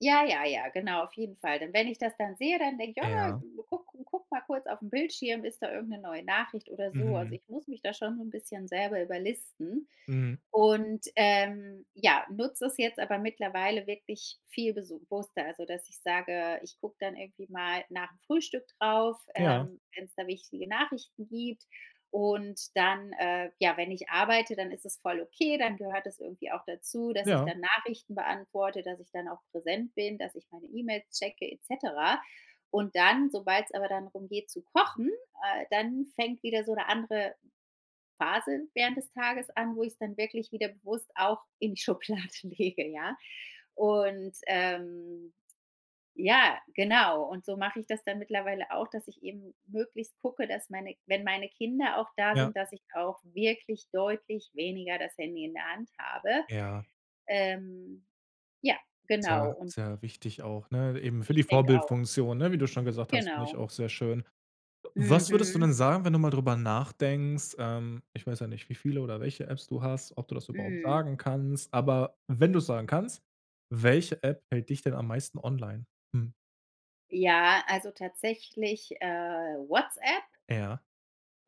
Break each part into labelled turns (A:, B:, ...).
A: Ja, ja, ja, genau, auf jeden Fall. Denn wenn ich das dann sehe, dann denk ich: „Ah,
B: Ja.
A: guck guck mal kurz aufm Bildschirm, ist da irgend 'ne neue Nachricht oder so? Also,
B: Mhm.
A: ich muss mich da schon so 'n bisschen selber überlisten
B: Mhm.
A: und, ähm, ja, nutz es jetzt aber mittlerweile wirklich viel besu wusster, also dass ich sage, ich guck dann irgendwie mal nachm Frühstück drauf,
B: Ja.
A: ähm, wenn's da wichtige Nachrichten gibt. Und dann, äh, ja, wenn ich arbeite, dann ist es voll okay, dann gehört es irgendwie auch dazu, dass ich
B: Ja.
A: dann Nachrichten beantworte, dass ich dann auch präsent bin, dass ich meine E-Mails checke et cetera. Und dann, sobald's aber dann darum geht zu kochen, äh, dann fängt wieder so 'ne andere Phase während des Tages an, wo ich's dann wirklich wieder bewusst auch in die Schublade lege, ja. Und, ähm, ja, genau. Und so mach ich das dann mittlerweile auch, dass ich eben möglichst gucke, dass meine wenn meine Kinder auch da
B: Ja.
A: sind, dass ich auch wirklich deutlich weniger das Handy in der Hand habe.
B: Ja.
A: Ähm, ja, genau
B: Sehr,
A: und
B: sehr wichtig auch, ne? Eben für die
A: Ich denk auch.
B: Vorbildfunktion, ne? Wie du schon gesagt hast, finde ich
A: Genau.
B: auch sehr schön. W was würdest du
A: Mhm.
B: denn sagen, wenn du mal drüber nachdenkst ähm, ich weiß ja nicht, wie viele oder welche Apps du hast ob du das überhaupt
A: Mhm.
B: sagen kannst, aber wenn du es sagen kannst, welche App hält dich denn am meisten online? Mhm.
A: Ja, also tatsächlich, äh, WhatsApp
B: Ja.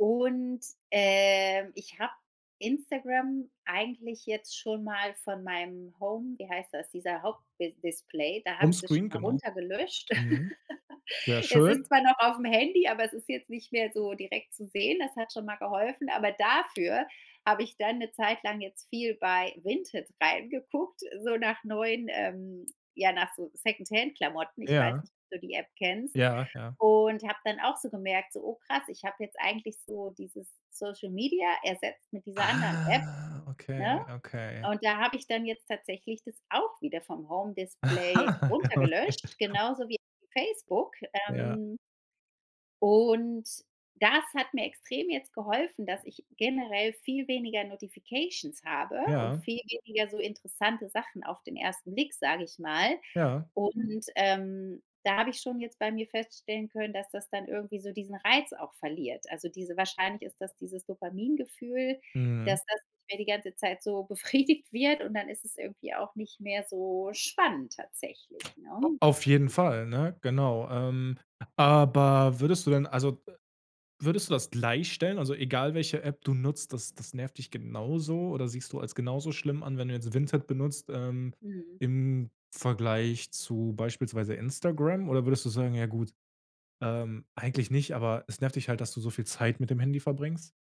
A: und, ähm, ich hab Instagram eigentlich jetzt schon mal von meinem Home wie heißt das, dieser Haupt bis Display, da hab ich das schon
B: Homescreen,
A: mal
B: genau.
A: runter gelöscht.
B: Mhm. Sehr
A: Es ist
B: schön.
A: zwar noch aufm Handy, aber es ist jetzt nicht mehr so direkt zu sehen. Das hat schon mal geholfen, aber dafür habe ich dann 'ne zeitlang jetzt viel bei Vinted reingeguckt, so nach neuen, ähm ja nach so Secondhand-Klamotten. Ich weiß
B: Ja.
A: nicht, ob du die App kennst?
B: Ja, ja.
A: Und hab dann auch so gemerkt, so: „Oh, krass. Ich hab jetzt eigentlich so dieses Social Media ersetzt mit dieser anderen App”,
B: Ah, okay,
A: ne?
B: okay.
A: Und da hab ich dann jetzt tatsächlich das auch wieder vom Home Display runter
B: Okay.
A: gelöscht, genauso wie Facebook.
B: Ja.
A: Ähm und, das hat mir extrem jetzt geholfen, dass ich generell viel weniger Notifications habe und
B: Ja.
A: viel weniger so interessante Sachen auf den ersten Blick, sag ich mal.
B: Ja.
A: Und, ähm, da hab ich schon jetzt bei mir feststellen können, dass das dann irgendwie so diesen Reiz auch verliert. Also diese wahrscheinlich ist das dieses Dopamin-Gefühl,
B: Mhm.
A: dass das nicht mehr die ganze Zeit so befriedigt wird und dann ist es irgendwie auch nicht mehr so spannend tatsächlich,
B: A
A: ne?
B: auf jeden Fall, ne? Genau. Ähm, aber würdest du denn also, äh, würdest du das gleich stellen? Also egal, welche App du nutzt, das das nervt dich genauso oder siehst du als genauso schlimm an, wenn du jetzt Vinted benutzt, ähm,
A: Mhm.
B: im Vergleich zu beispielsweise Instagram? Oder würdest du sagen: „Ja gut, ähm, eigentlich nicht”, aber es nervt dich halt, dass du so viel Zeit mit dem Handy verbringst?